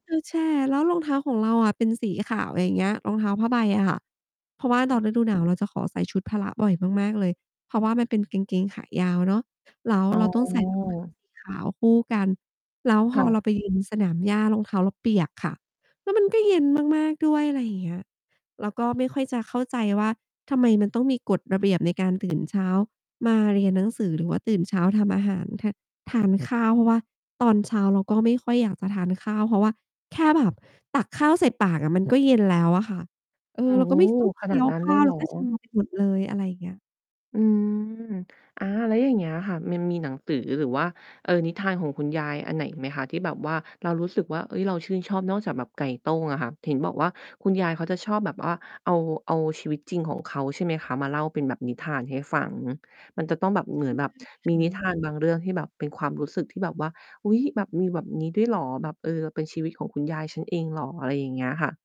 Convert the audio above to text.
ก็แช่ แล้วรองเท้าของเราอะเป็นสีขาว อะไรอย่างเงี้ย รองเท้าผ้าใบอะค่ะ เพราะว่าคต่อนะ ฤดูหนาวเราจะขอใส่ชุดพละบ่อยมาก ๆ เลย เพราะว่ามันเป็นกางเกงขายาวเนาะ แล้วอ๋เราต้องใส่รองเท้าอ สี ขาวคู่กัน แล้วพค่อะ เราไป ยืน สนามหญ้ารองเท้าเราเปียกค่ะ แล้วมันก็เย็นมาก ๆ ด้วย อะไรอย่างเงี้ย แล้วก็ไม่ค่อยจะเข้าใจว่า ทำไมมันต้องมีกฎระเบียบในการ ตื่น เช้ามาเรียนหนังสือ หรือว่าตื่นเช้าทำอาหาร ท ทานข้าว เพราะว่าตอนเช้าเราก็ไม่ค่อยอยากจะทานข้าว เพราะว่าแค่แบบตักข้าวใส่ปากอะ มันก็เย็นแล้วอะค่ะ เอโอ้อ เราโฮ ก็ไม่ ชอบ เขคนีา้ดยวนั้นขเ้ลายว เหแรล้อ? วก็ ชา ไปหมดเลย อะไรอย่างเงี้ย อืม อา แล้วอย่างเงี้ยค่ะ มันมีหนังสือหรือว่า เออ นิทานของคุณยายอันไหนอีกไหมคะ? ที่แบบว่า เรารู้สึกว่า เฮ้ย เราชื่นชอบนอกจากแบบไก่โต้งอะค่ะ เห็นบอกว่าคุณยายเขาจะชอบแบบว่า เอา เอาชีวิตจริงของเขา ใช่ไหมคะ มาเล่าเป็นแบบนิทานให้ฟัง มันจะต้องแบบเหมืใชอน่แบคบ มีน่ิทะ านบางเรื่องที่แบบเป็นความรู้สึกที่แบบว่า อุ๊ย แบบ มีแบบ นี้ด้วย เหรอ แบบ เออ เราเป็นชีวิตของคุณยายฉันเองเหรอ? อะไรอย่างเงี้ยค่ะ